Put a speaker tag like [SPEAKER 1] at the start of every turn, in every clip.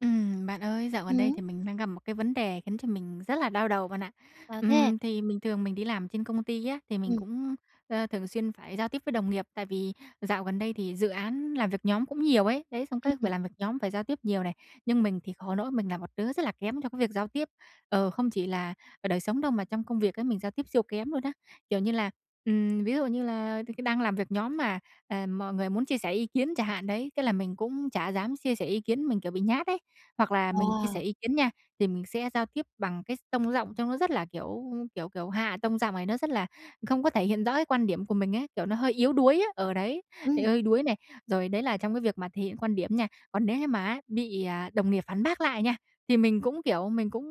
[SPEAKER 1] Ừm, bạn ơi, dạo gần đây
[SPEAKER 2] Ừm.
[SPEAKER 1] thì mình đang gặp một cái vấn đề khiến cho mình rất là đau đầu bạn ạ.
[SPEAKER 2] Sao thế?
[SPEAKER 1] Ừm, thì mình thường mình đi làm trên công ty á, thì mình
[SPEAKER 2] Ừm.
[SPEAKER 1] cũng, ơ, thường xuyên phải giao tiếp với đồng nghiệp, tại vì dạo gần đây thì dự án làm việc nhóm cũng nhiều ấy, đấy, xong cái
[SPEAKER 2] Ừm
[SPEAKER 1] phải làm việc nhóm, phải giao tiếp nhiều này. Nhưng mình thì khổ nỗi mình là một đứa rất là kém trong cái việc giao tiếp, ờ, không chỉ là ở đời sống đâu mà trong công việc ấy mình giao tiếp siêu kém luôn á. Kiểu như là, ừm, ví dụ như là thì cứ đang làm việc nhóm mà, ờ, mọi người muốn chia sẻ ý kiến chả hạn đấy, thế là mình cũng chả dám chia sẻ ý kiến, mình, kiểu, bị nhát ấy. Hoặc là mình chia sẻ
[SPEAKER 2] À.
[SPEAKER 1] ý kiến nha, thì mình sẽ giao tiếp bằng cái s tông giọng trông nó rất là, kiểu kiểu kiểu, hạ tông giọng này, nó rất là không có thể hiện rõ cái quan điểm của mình ấy, kiểu, nó hơi yếu đuối á, ờ, đấy, bị
[SPEAKER 2] Ừm.
[SPEAKER 1] hơi đuối này. Rồi, đấy là trong cái việc mà thể hiện quan điểm nha, còn nếu như mà á bị, à, đồng nghiệp phản bác lại nha, thì mình cũng, kiểu, mình cũng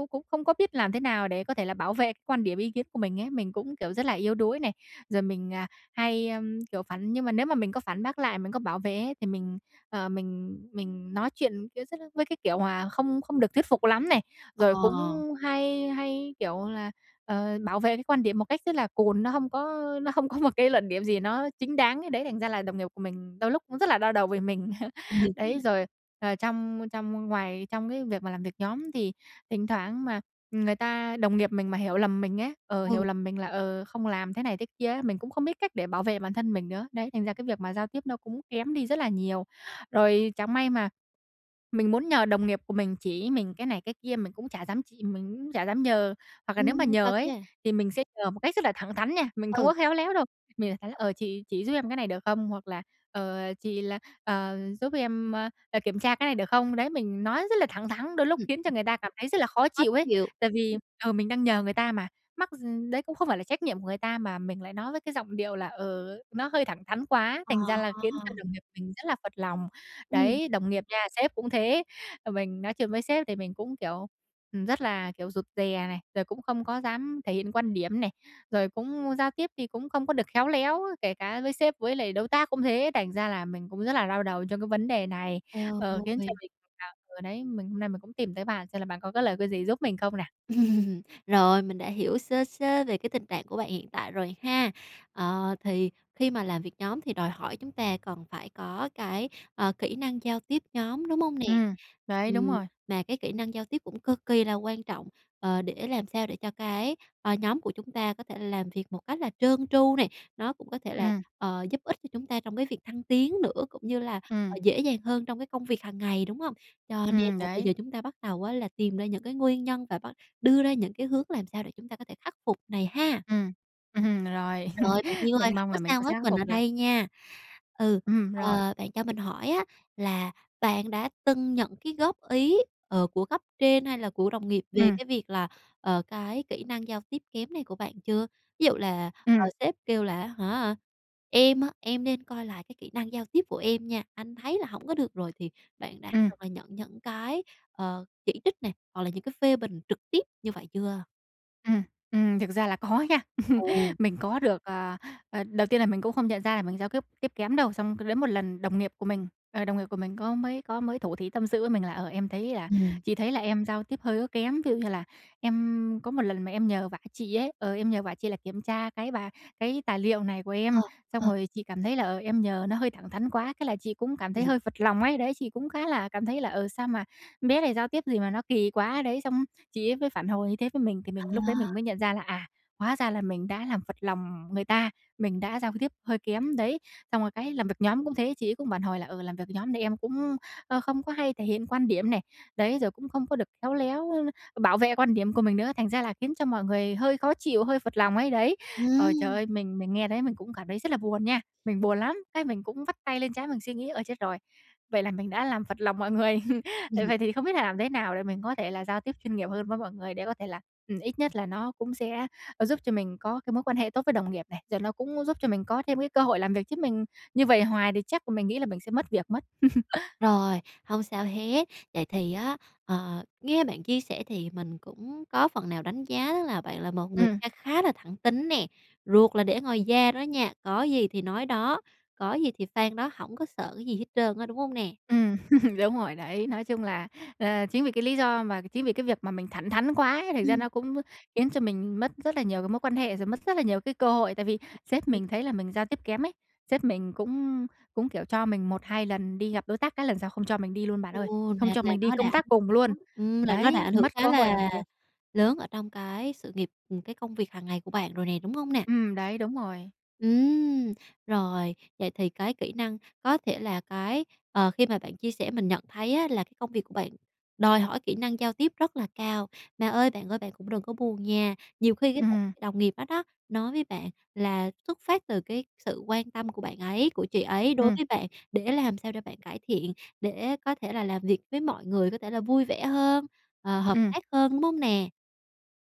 [SPEAKER 1] cũng cũng không có biết làm thế nào để có thể là bảo vệ quan điểm, ý kiến của mình ấy. Mình cũng, kiểu, rất là yếu đuối này, rồi mình, à, hay, ưm, kiểu, phản nhưng mà nếu mà mình có phản bác lại, mình có bảo vệ ấy, thì mình, ờ, mình mình nói chuyện kẽ sất l với cái kiểu hoà không không được thuyết phục lắm này, rồi cũng
[SPEAKER 2] Ờ.
[SPEAKER 1] hay hay, kiểu là, ờ, bảo vệ cái quan điểm một cách rất là cùn, nó không có nó không có một cái luận điểm gì nó chính đáng ấy. Đấy, thành ra là đồng nghiệp của mình đôi lúc cũng rất là đau đầu vì mình. Đấy, rồi, ờ, trong trong ngoài trong cái việc mà làm việc nhóm thì thỉnh thoảng mà người ta đồng nghiệp mình mà hiểu lầm mình ấy, ờ, hiểu
[SPEAKER 2] Ừ.
[SPEAKER 1] lầm mình là, ờ, không làm thế này thế kia ấy, mình cũng không biết cách để bảo vệ bản thân mình nữa. Đấy, thành ra cái việc mà giao tiếp nó cũng kém đi rất là nhiều. Rồi chẳng may mà mình muốn nhờ đồng nghiệp của mình chỉ mình cái này cái kia mình cũng chả dám chị mình cũng chả dám nhờ. Hoặc là nếu
[SPEAKER 2] Ừm,
[SPEAKER 1] mà nhờ
[SPEAKER 2] thật
[SPEAKER 1] ấy,
[SPEAKER 2] nha.
[SPEAKER 1] thì mình sẽ nhờ một cách rất là thẳng thắn nha, mình không
[SPEAKER 2] Ừ.
[SPEAKER 1] có khéo léo đâu. Mình [unintelligible] ờ, "Chị chỉ giúp em cái này được không?" hoặc là "Ờ, chị là ờ, giúp em, ơ, ờ, kiểm tra cái này được không?" Đấy, mình nói rất là thẳng thắng, đôi
[SPEAKER 2] Ừm,
[SPEAKER 1] lúc khiến cho
[SPEAKER 2] ừm.
[SPEAKER 1] người ta cảm thấy rất là khó
[SPEAKER 2] Khó
[SPEAKER 1] chịu ấy.
[SPEAKER 2] chịu.
[SPEAKER 1] Tại vì, ừ, mình đang nhờ người ta mà, mắc gi đấy cũng không phải là trách nhiệm của người ta mà mình lại nói với cái giọng điệu là, ừ, nó hơi thẳng thắn quá,
[SPEAKER 2] Ờ.
[SPEAKER 1] thành ra là khiến cho đồng nghiệp mình rất là phật lòng.
[SPEAKER 2] Ừm.
[SPEAKER 1] Đấy, đồng nghiệp nha, sếp cũng thế, ờ, mình nói chuyện với sếp thì mình cũng, kiểu, ừm, rất là, kiểu, rụt rè này, rồi cũng không có dám thể hiện quan điểm này, rồi cũng giao tiếp thì cũng không có được khéo léo, kể cả với sếp với lại đối tác cũng thế. Thành ra là mình cũng rất là đau đầu trong cái vấn đề này,
[SPEAKER 2] Eo
[SPEAKER 1] ờ, khiến
[SPEAKER 2] ôi!
[SPEAKER 1] cho mình, à, ờ, đấy, mình hôm nay mình cũng tìm tới bạn xem là bạn có cái lời cái gì giúp mình không nè.
[SPEAKER 2] Rồi, mình đã hiểu sơ sơ về cái tình trạng của bạn hiện tại rồi ha. Ờ, thì khi mà làm việc nhóm thì đòi hỏi chúng ta cần phải có cái, ờ, kỹ năng giao tiếp nhóm, đúng hông nè?
[SPEAKER 1] Ừm, đấy, đúng
[SPEAKER 2] Ừm,
[SPEAKER 1] rồi.
[SPEAKER 2] mà cái kỹ năng giao tiếp cũng cực kỳ là quan trọng, ờ, để làm sao để cho cái, ờ, nhóm của chúng ta có thể làm việc một cách là trơn tru nè, nó cũng có thể là,
[SPEAKER 1] Ừm.
[SPEAKER 2] ờ, giúp ích cho chúng ta trong cái việc thăng tiến nữa, cũng như là, ờ,
[SPEAKER 1] Ừm.
[SPEAKER 2] dễ dàng hơn trong cái công việc hàng ngày, đúng hông? Cho nên
[SPEAKER 1] Ừm,
[SPEAKER 2] là bây
[SPEAKER 1] đấy.
[SPEAKER 2] giờ chúng ta bắt đầu á là tìm ra những cái nguyên nhân và bắt đưa ra những cái hướng làm sao để chúng ta có thể khắc phục này ha.
[SPEAKER 1] Ừm. Ừm, rồi,
[SPEAKER 2] Rồi, bạn yêu ơi,
[SPEAKER 1] mình
[SPEAKER 2] hổng
[SPEAKER 1] mong
[SPEAKER 2] có
[SPEAKER 1] là mình
[SPEAKER 2] sao
[SPEAKER 1] cũng sẽ
[SPEAKER 2] hết,
[SPEAKER 1] khắc
[SPEAKER 2] mình ở
[SPEAKER 1] phục được.
[SPEAKER 2] đây nha. Ừ,
[SPEAKER 1] Ừm, rồi.
[SPEAKER 2] ờ, bạn cho mình hỏi á là bạn đã từng nhận cái góp ý, ờ, của cấp trên hay là của đồng nghiệp về
[SPEAKER 1] Ừm.
[SPEAKER 2] cái việc là, ờ, cái kỹ năng giao tiếp kém này của bạn chưa? Ví dụ là, ờ,
[SPEAKER 1] Ừm.
[SPEAKER 2] sếp kêu là á hả, "Em á, em nên coi lại cái kỹ năng giao tiếp của em nha, anh thấy là hổng có được rồi" thì bạn đã
[SPEAKER 1] Ừm.
[SPEAKER 2] [unintelligible] nhận những cái, ờ, chỉ trích này, hoặc là những cái phê bình trực tiếp như vậy chưa?
[SPEAKER 1] Ừm, ừm, thực ra là có nha.
[SPEAKER 2] Ừ.
[SPEAKER 1] Mình có được ờ, ờ, đầu tiên là mình cũng không nhận ra là mình giao tiếp tiếp kém đâu, xong cứ đến một lần đồng nghiệp của mình, ờ, đồng nghiệp của mình có mới có mới thủ thỉ tâm sự với mình là, ờ, em thấy là
[SPEAKER 2] Ừm.
[SPEAKER 1] chị thấy là em giao tiếp hơi có kém. Ví dụ như là em có một lần mà em nhờ vả chị ấy, ờ, em nhờ vả chị là kiểm tra cái bà cái tài liệu này của
[SPEAKER 2] Ờ,
[SPEAKER 1] em, xong
[SPEAKER 2] ờ.
[SPEAKER 1] rồi chị cảm thấy là, ờ, em nhờ nó hơi thẳng thắn quá, thế là chị cũng cảm thấy thấy
[SPEAKER 2] [unintelligible]
[SPEAKER 1] hơi phật lòng ấy, đấy. Chị cũng khá là cảm thấy là, ừ, sao mà bé này giao tiếp gì mà nó kỳ quá đấy. Xong chị ấy mới phản hồi như thế với mình, thì mình lúc đấy
[SPEAKER 2] À.
[SPEAKER 1] mình mới nhận ra là, à, hóa ra là mình đã làm phật lòng người ta, mình đã giao tiếp hơi kém đấy. Xong rồi cái làm việc nhóm cũng thế, chị ấy cũng phản hồi là, ừ, làm việc nhóm thì em cũng, ơ, không có hay thể hiện quan điểm này, đấy, rồi cũng không có được khéo léo bảo vệ quan điểm của mình nữa, thành ra là khiến cho mọi người hơi khó chịu, hơi phật lòng ấy, đấy. Ờ, trời
[SPEAKER 2] Ừm.
[SPEAKER 1] ơi, mình mình nghe thấy mình cũng cảm thấy rất là buồn nha, mình buồn lắm, cái mình cũng vắt tay lên trán mình suy nghĩ, ơ, chết rồi, vậy là mình đã làm phật lòng mọi người.
[SPEAKER 2] Ừm.
[SPEAKER 1] Vậy thì không biết là làm thế nào để mình có thể là giao tiếp chuyên nghiệp hơn với mọi người để có thể là ừm, ít nhất là nó cũng sẽ, ơ, giúp cho mình có cái mối quan hệ tốt với đồng nghiệp này. Rồi nó cũng giúp cho mình có thêm cái cơ hội làm việc, chứ mình như vậy hoài thì chắc mình nghĩ là mình sẽ mất việc mất.
[SPEAKER 2] Rồi, hông sao hết. Vậy thì á, ờ, nghe bạn chia sẻ thì mình cũng có phần nào đánh giá là bạn là một người
[SPEAKER 1] Ừm.
[SPEAKER 2] kha khá là thẳng tính nè, ruột là để ngoài da đó nha, có gì thì nói đó, có gì thì phang đó, hổng có sợ cái gì hết trơn á, đúng hông nè?
[SPEAKER 1] Ừm, đúng rồi đấy! Nói chung là, ờ, chính vì cái lý do mà chính vì cái việc mà mình thẳng thắn quá ấy, thành ra
[SPEAKER 2] Ừm.
[SPEAKER 1] nó cũng khiến cho mình mất rất là nhiều cái mối quan hệ, rồi mất rất là nhiều cái cơ hội, tại vì sếp mình
[SPEAKER 2] [unintelligible]
[SPEAKER 1] thấy là mình giao tiếp kém ấy, sếp mình cũng cũng, kiểu, cho mình 1-2 lần đi gặp đối tác, các lần sau không cho mình đi luôn bạn ơi,
[SPEAKER 2] Ồ.
[SPEAKER 1] không
[SPEAKER 2] Là
[SPEAKER 1] cho
[SPEAKER 2] là
[SPEAKER 1] mình đi
[SPEAKER 2] nó đã ảnh
[SPEAKER 1] công tác cùng luôn.
[SPEAKER 2] hưởng, ừm, là nó đã
[SPEAKER 1] Đấy,
[SPEAKER 2] ảnh hưởng
[SPEAKER 1] mất cơ
[SPEAKER 2] khá
[SPEAKER 1] hội làm
[SPEAKER 2] là
[SPEAKER 1] việc.
[SPEAKER 2] lớn ở trong cái sự nghiệp, ừm, cái công việc hàng ngày của bạn rồi nè, đúng hông nè?
[SPEAKER 1] Ừm, đấy, đúng rồi.
[SPEAKER 2] Ừm, rồi, vậy thì cái kỹ năng có thể là cái ờ, khi mà bạn chia sẻ mình nhận thấy á là cái công việc của bạn đòi hỏi kỹ năng giao tiếp rất là cao. Mà ơi bạn ơi, bạn cũng đừng có buồn nha. Nhiều khi cái [unintelligible]
[SPEAKER 1] Ừm.
[SPEAKER 2] đồng nghiệp đó đó nói với bạn là xuất phát từ cái sự quan tâm của bạn ấy của chị ấy đối
[SPEAKER 1] Ừm.
[SPEAKER 2] với bạn để làm sao để bạn cải thiện, để có thể là làm việc với mọi người có thể là vui vẻ hơn, ờ, hợp
[SPEAKER 1] Ừm.
[SPEAKER 2] tác hơn, đúng hông nè?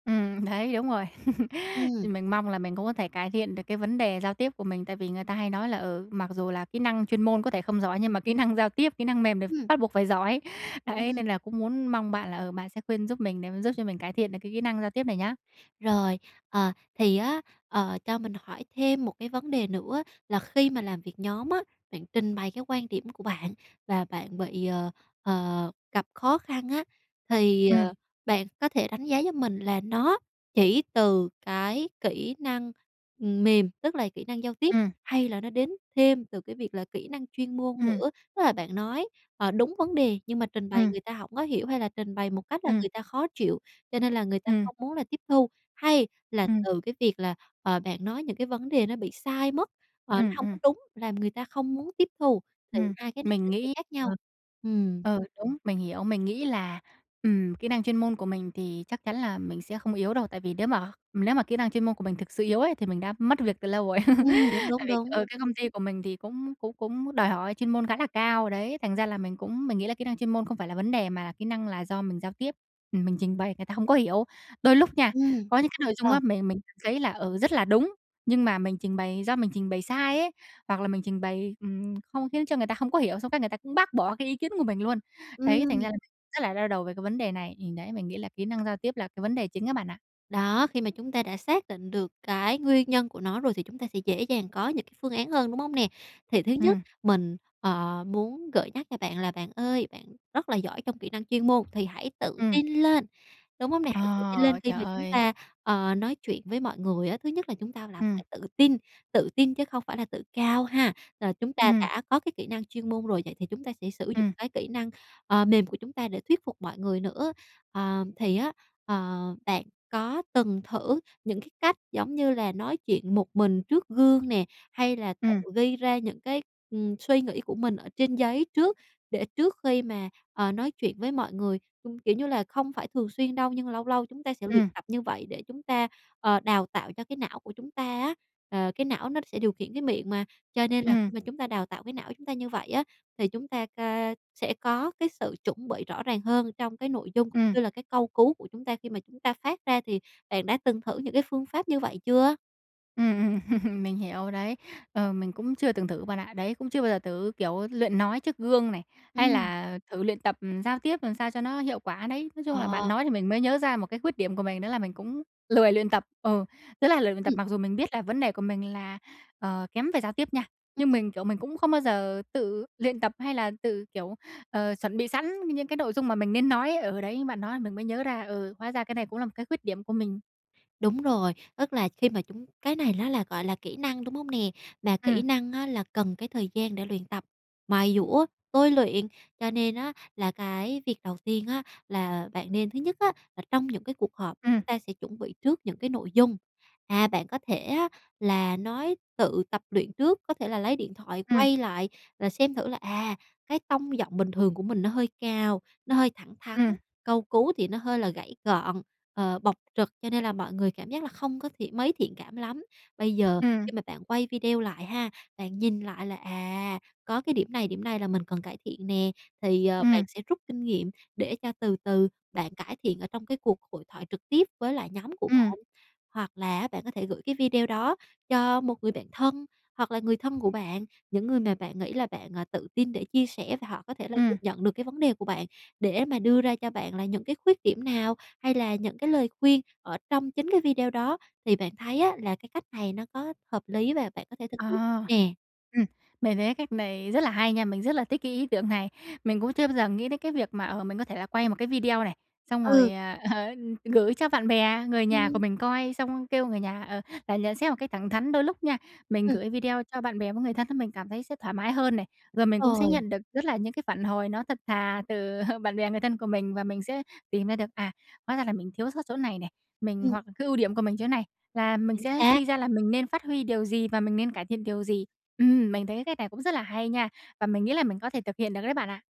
[SPEAKER 1] Ừm, đấy, đúng rồi.
[SPEAKER 2] Ừm.
[SPEAKER 1] Mình mong là mình cũng có thể cải thiện được cái vấn đề giao tiếp của mình, tại vì người ta hay nói là, ừ, mặc dù là kỹ năng chuyên môn có thể không giỏi, nhưng mà kỹ năng giao tiếp, kỹ năng mềm đ
[SPEAKER 2] Ừm.
[SPEAKER 1] bắt buộc phải giỏi. Đấy,
[SPEAKER 2] Ừm.
[SPEAKER 1] nên là cũng muốn mong bạn là, ờ, bạn sẽ khuyên giúp mình để mà giúp cho mình cải thiện được cái kỹ năng giao tiếp này nhá.
[SPEAKER 2] Rồi, ờ, thì á, ờ, cho mình hỏi thêm một cái vấn đề nữa là khi mà làm việc nhóm á, bạn trình bày cái quan điểm của bạn và bạn bị, ờ, ờ, gặp khó khăn á, thì,
[SPEAKER 1] Ừm.
[SPEAKER 2] ờ, bạn có thể đánh giá giúp mình là nó chỉ từ cái kỹ năng mềm, tức là kỹ năng giao tiếp
[SPEAKER 1] Ừm.
[SPEAKER 2] hay là nó đến thêm từ cái việc là kỹ năng chuyên môn
[SPEAKER 1] Ừm.
[SPEAKER 2] nữa, tức là bạn nói, ờ, đúng vấn đề, nhưng mà trình bày
[SPEAKER 1] Ừm.
[SPEAKER 2] người ta hổng có hiểu hay là trình bày một cách là
[SPEAKER 1] Ừm.
[SPEAKER 2] người ta khó chịu, cho nên là người ta
[SPEAKER 1] Ừm.
[SPEAKER 2] không muốn là tiếp thu? Hay là
[SPEAKER 1] Ừm.
[SPEAKER 2] từ cái việc là, ờ, bạn nói những cái vấn đề nó bị sai mất, ờ, nó
[SPEAKER 1] Ừm,
[SPEAKER 2] hông có
[SPEAKER 1] ừm.
[SPEAKER 2] đúng làm người ta không muốn tiếp thu? Thì
[SPEAKER 1] Ừm,
[SPEAKER 2] hai cái này
[SPEAKER 1] mình
[SPEAKER 2] nó sẽ
[SPEAKER 1] nghĩ
[SPEAKER 2] khác
[SPEAKER 1] ờ.
[SPEAKER 2] nhau. Ừm.
[SPEAKER 1] Ừ, đúng, mình hiểu, mình nghĩ là, ừm, kỹ năng chuyên môn của mình thì chắc chắn là mình sẽ không yếu đâu, tại vì nếu mà nếu mà kỹ năng chuyên môn của mình thực sự yếu ấy, thì mình đã mất việc từ lâu rồi.
[SPEAKER 2] Ừm, đúng,
[SPEAKER 1] Tại
[SPEAKER 2] đúng,
[SPEAKER 1] vì,
[SPEAKER 2] đúng.
[SPEAKER 1] ờ, cái công ty của mình thì cũng cũng cũng đòi hỏi chuyên môn khá là cao đấy, thành ra là mình cũng mình nghĩ là kỹ năng chuyên môn không phải là vấn đề mà là kỹ năng là do mình giao tiếp, ừm, mình trình bày người ta hông có hiểu. Đôi lúc nha,
[SPEAKER 2] Ừm.
[SPEAKER 1] có những cái nội dung
[SPEAKER 2] Ờ.
[SPEAKER 1] á, mình mình [unintelligible] thấy là, ừ, rất là đúng, nhưng mà mình trình bày do mình trình bày sai ấy, hoặc là mình trình bày, ừm, không khiến cho người ta hông có hiểu, xong cái người ta cũng bác bỏ cái ý kiến của mình luôn. Đấy, thành
[SPEAKER 2] Ừm.
[SPEAKER 1] ra rất là đau đầu về cái vấn đề này. Thì đấy, mình nghĩ là kỹ năng giao tiếp là cái vấn đề chính á bạn ạ.
[SPEAKER 2] Đó, khi mà chúng ta đã xác định được cái nguyên nhân của nó rồi thì chúng ta sẽ dễ dàng có những cái phương án hơn, đúng hông nè? Thì thứ nhất,
[SPEAKER 1] Ừm.
[SPEAKER 2] mình, ờ, muốn gợi nhắc cho bạn là bạn ơi, bạn rất là giỏi trong kỹ năng chuyên môn, thì hãy tự
[SPEAKER 1] Ừm.
[SPEAKER 2] tin lên, đúng không nè, hãy tự tin lên
[SPEAKER 1] Ờ,
[SPEAKER 2] khi
[SPEAKER 1] trời
[SPEAKER 2] mà chúng
[SPEAKER 1] ơi!
[SPEAKER 2] ta, ờ, nói chuyện với mọi người á, thứ nhất là chúng ta là
[SPEAKER 1] Ừm.
[SPEAKER 2] phải tự tin, tự tin chứ không phải là tự cao ha. Rồi, chúng ta
[SPEAKER 1] Ừm.
[SPEAKER 2] đã có cái kỹ năng chuyên môn rồi, vậy thì chúng ta sẽ sử dụng
[SPEAKER 1] Ừm.
[SPEAKER 2] cái kỹ năng, ờ, mềm của chúng ta để thuyết phục mọi người nữa. Ờ, thì á, ờ, bạn có từng thử những cái cách giống như là nói chuyện một mình trước gương nè, hay là tự
[SPEAKER 1] Ừm.
[SPEAKER 2] ghi ra những cái, ừm, suy nghĩ của mình trên giấy trước để trước khi mà, ờ, nói chuyện với mọi người. Ưm, kiểu như là không phải thường xuyên đâu, nhưng lâu lâu chúng ta sẽ luyện
[SPEAKER 1] Ừm.
[SPEAKER 2] tập như vậy để chúng ta, ờ, đào tạo cho cái não của chúng ta á, ờ, cái não nó sẽ điều khiển cái miệng mà. Cho nên là khi
[SPEAKER 1] Ừm.
[SPEAKER 2] mà chúng ta đào tạo cái não của chúng ta như vậy á, thì chúng ta ca sẽ có cái sự chuẩn bị rõ ràng hơn trong cái nội dung
[SPEAKER 1] Ừm.
[SPEAKER 2] như là cái câu cú của chúng ta khi mà chúng ta phát ra, thì bạn đã từng thử những cái phương pháp như vậy chưa?
[SPEAKER 1] Ừm, ừm, mình hiểu đấy, ờ, mình cũng chưa từng thử bạn ạ, đấy, cũng chưa bao giờ thử, kiểu, luyện nói trước gương này, hay
[SPEAKER 2] Ừm.
[SPEAKER 1] là thử luyện tập giao tiếp làm sao cho nó hiệu quả đấy. Nói chung là bạn
[SPEAKER 2] Ờ.
[SPEAKER 1] nói thì mình mới nhớ ra một cái khuyết điểm của mình đó là mình cũng lười luyện tập, ừ, rất là lười luyện tập,
[SPEAKER 2] Ừm.
[SPEAKER 1] mặc dù mình biết là vấn đề của mình là, ờ, kém về giao tiếp nha.
[SPEAKER 2] Ừm,
[SPEAKER 1] Nhưng
[SPEAKER 2] ừm.
[SPEAKER 1] mình, kiểu, mình cũng không bao giờ tự luyện tập hay là tự, kiểu, ờ, chuẩn bị sẵn những cái nội dung mà mình nên nói, ở đấy, bạn nói mình mới nhớ ra, ừ, hóa ra cái này cũng là một cái khuyết điểm của mình.
[SPEAKER 2] Đúng rồi, tức là khi mà chúng cái này nó là, gọi là, kỹ năng, đúng hông nè? Mà
[SPEAKER 1] Ừm.
[SPEAKER 2] kỹ năng á, là cần cái thời gian để luyện tập, mài giũa, tôi luyện. Cho nên á, là cái việc đầu tiên á, là bạn nên thứ nhất á, là trong những cái cuộc họp,
[SPEAKER 1] Ừm.
[SPEAKER 2] chúng ta sẽ chuẩn bị trước những cái nội dung, à, bạn có thể á, là nói tự tập luyện trước, có thể là lấy điện thoại
[SPEAKER 1] Ừm.
[SPEAKER 2] quay lại là xem thử là "À, cái tông giọng bình thường của mình nó hơi cao, nó hơi thẳng thắn,
[SPEAKER 1] Ừm.
[SPEAKER 2] câu cú thì nó hơi là gãy gọn, ờ, bộc trực, cho nên là mọi người cảm giác là không có thiện mấy thiện cảm lắm." Bây giờ
[SPEAKER 1] Ừm.
[SPEAKER 2] khi mà bạn quay video lại ha, bạn nhìn lại là "À, có cái điểm này điểm này là mình cần cải thiện nè" thì, ờ, bạn
[SPEAKER 1] Ừm.
[SPEAKER 2] sẽ rút kinh nghiệm để cho từ từ bạn cải thiện ở trong cái cuộc hội thoại trực tiếp với lại nhóm của
[SPEAKER 1] Ừm.
[SPEAKER 2] bạn. Hoặc là á, bạn có thể gửi cái video đó cho một người bạn thân, hoặc là người thân của bạn, những người mà bạn nghĩ là bạn, à, tự tin để chia sẻ và họ có thể là
[SPEAKER 1] Ừm.
[SPEAKER 2] dưng nhận được cái vấn đề của bạn, để mà đưa ra cho bạn là những cái khuyết điểm nào hay là những cái lời khuyên ở trong chính cái video đó. Thì bạn thấy á, là cái cách này nó có hợp lý và bạn có thể thực
[SPEAKER 1] Ờ,
[SPEAKER 2] hiện nè?
[SPEAKER 1] ừm, mề thấy cách này rất là hay nha, mình rất là thích cái ý tưởng này. Mình cũng chưa bao giờ nghĩ đến cái việc mà, ờ, mình có thể là quay một cái video này, xong
[SPEAKER 2] Ừ.
[SPEAKER 1] rồi, à, ờ, gửi cho bạn bè, người nhà của
[SPEAKER 2] Ừm.
[SPEAKER 1] mình coi xong kêu người nhà, ờ, là nhận xét một cách thẳng thắn. Đôi lúc nha, mình
[SPEAKER 2] Ừm.
[SPEAKER 1] gửi video cho bạn bè với người thân mình cảm thấy sẽ thoải mái hơn này, rồi mình cũng
[SPEAKER 2] Đúng
[SPEAKER 1] sẽ
[SPEAKER 2] rồi.
[SPEAKER 1] nhận được rất là những cái phản hồi nó thật thà từ bạn bè người thân của mình và mình sẽ tìm ra được, à, hóa ra là mình thiếu sót chỗ này nè, mình
[SPEAKER 2] Ừm.
[SPEAKER 1] hoặc cái ưu điểm của mình chỗ này là mình
[SPEAKER 2] Chính
[SPEAKER 1] sẽ
[SPEAKER 2] xác.
[SPEAKER 1] suy ra là mình nên phát huy điều gì và mình nên cải thiện điều gì. Ừm, mình thấy cái cách này cũng rất là hay nha, và mình nghĩ là mình có thể thực hiện được đấy bạn ạ.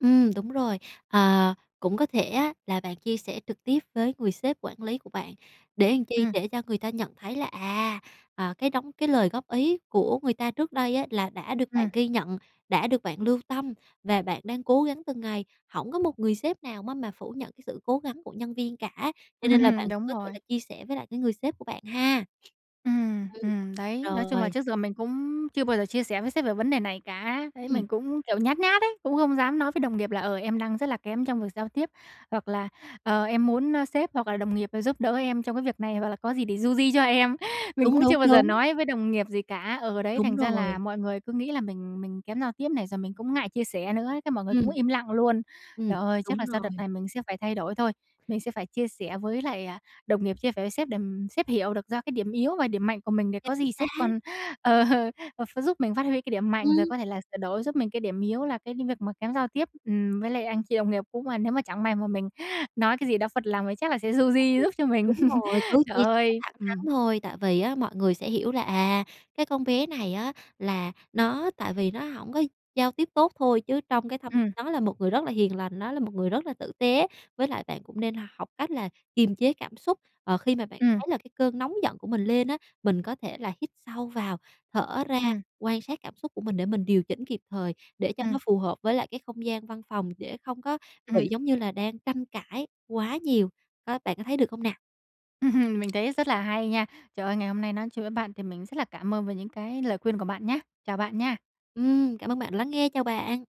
[SPEAKER 2] Ừm, đúng rồi. Ờ, cũng có thể á, là bạn chia sẻ trực tiếp với người sếp quản lý của bạn, để làm chi,
[SPEAKER 1] Ừm.
[SPEAKER 2] để cho người ta nhận thấy là, à, ờ, cái đóng cái lời góp ý của người ta trước đây á, là đã được bạn
[SPEAKER 1] Ừm.
[SPEAKER 2] ghi nhận, đã được bạn lưu tâm và bạn đang cố gắng từng ngày, hổng có một người sếp nào má mà phủ nhận sự cố gắng của nhân viên cả, cho nên là bạn cũng
[SPEAKER 1] Đúng
[SPEAKER 2] có thể
[SPEAKER 1] rồi.
[SPEAKER 2] chia sẻ với lại cái người sếp của bạn ha.
[SPEAKER 1] Ừm,
[SPEAKER 2] Ừm,
[SPEAKER 1] ừm, đấy, nói chung là
[SPEAKER 2] rồi.
[SPEAKER 1] trước giờ mình cũng chưa bao giờ chia sẻ với sếp về vấn đề này cả. Đấy
[SPEAKER 2] Ừm.
[SPEAKER 1] mình cũng, kiểu, nhát nhát ấy, cũng không dám nói với đồng nghiệp là "Ờ, em đang rất là kém trong việc giao tiếp." Hoặc là "Ờ, em muốn, ơ, sếp hoặc là đồng nghiệp rồi giúp đỡ em trong cái việc này hoặc là có gì thì du di cho em." Mình
[SPEAKER 2] Đúng,
[SPEAKER 1] cũng
[SPEAKER 2] đúng,
[SPEAKER 1] chưa bao giờ
[SPEAKER 2] đúng.
[SPEAKER 1] nói với đồng nghiệp gì cả, ờ, đấy,
[SPEAKER 2] Đúng
[SPEAKER 1] thành ra là
[SPEAKER 2] rồi.
[SPEAKER 1] mọi người cứ nghĩ là mình mình kém giao tiếp này rồi mình cũng ngại chia sẻ nữa, cái mọi người cũng
[SPEAKER 2] Ừm.
[SPEAKER 1] im lặng luôn.
[SPEAKER 2] Ừm,
[SPEAKER 1] Trời ơi, chắc là
[SPEAKER 2] đúng
[SPEAKER 1] sau đợt
[SPEAKER 2] rồi.
[SPEAKER 1] này mình sẽ phải thay đổi thôi, mình sẽ phải chia sẻ với lại, à, đồng nghiệp, chia sẻ với sếp để, ừm, sếp hiểu được ra cái điểm yếu và điểm mạnh của mình để có
[SPEAKER 2] Chính
[SPEAKER 1] gì
[SPEAKER 2] xác!
[SPEAKER 1] sếp còn, ờ, ờ, ờ, ph giúp mình phát huy cái điểm mạnh rồi
[SPEAKER 2] Ừm.
[SPEAKER 1] có thể là sửa đổi giúp mình cái điểm yếu là cái đ việc mà kém giao tiếp, ừm, với lại anh chị đồng nghiệp cũng mà nếu mà chẳng may mà mình nói cái gì đó phật lòng thì chắc là sẽ du di giúp cho
[SPEAKER 2] [unintelligible]
[SPEAKER 1] mình.
[SPEAKER 2] Đúng rồi, cứ
[SPEAKER 1] Trời
[SPEAKER 2] chia
[SPEAKER 1] ơi,
[SPEAKER 2] thẳng thắn
[SPEAKER 1] ừm.
[SPEAKER 2] thôi, tại vì á mọi người sẽ hiểu là "À, cái con bé này á, là nó tại vì nó hổng có giao tiếp tốt thôi chứ trong cái thâm
[SPEAKER 1] Ừm.
[SPEAKER 2] nó là một người rất là hiền lành, nó là một người rất là tử tế." Với lại bạn cũng nên học cách là kiềm chế cảm xúc, ờ, khi mà bạn
[SPEAKER 1] Ừm.
[SPEAKER 2] thấy là cái cơn nóng giận của mình lên á, mình có thể là hít sâu vào, thở ra,
[SPEAKER 1] Ừm.
[SPEAKER 2] quan sát cảm xúc của mình để mình điều chỉnh kịp thời, để cho
[SPEAKER 1] Ừm.
[SPEAKER 2] nó phù hợp với lại cái không gian văn phòng, để không có bị
[SPEAKER 1] Ừm.
[SPEAKER 2] giống như là đang tranh cãi quá nhiều á, bạn có thấy được hông nè?
[SPEAKER 1] Mình thấy rất là hay nha. Trời ơi, ngày hôm nay nói chuyện với bạn thì mình rất là cảm ơn về những cái lời khuyên của bạn nhá. Chào bạn nha.
[SPEAKER 2] Ừm, cảm ơn bạn lắng nghe, chào bạn.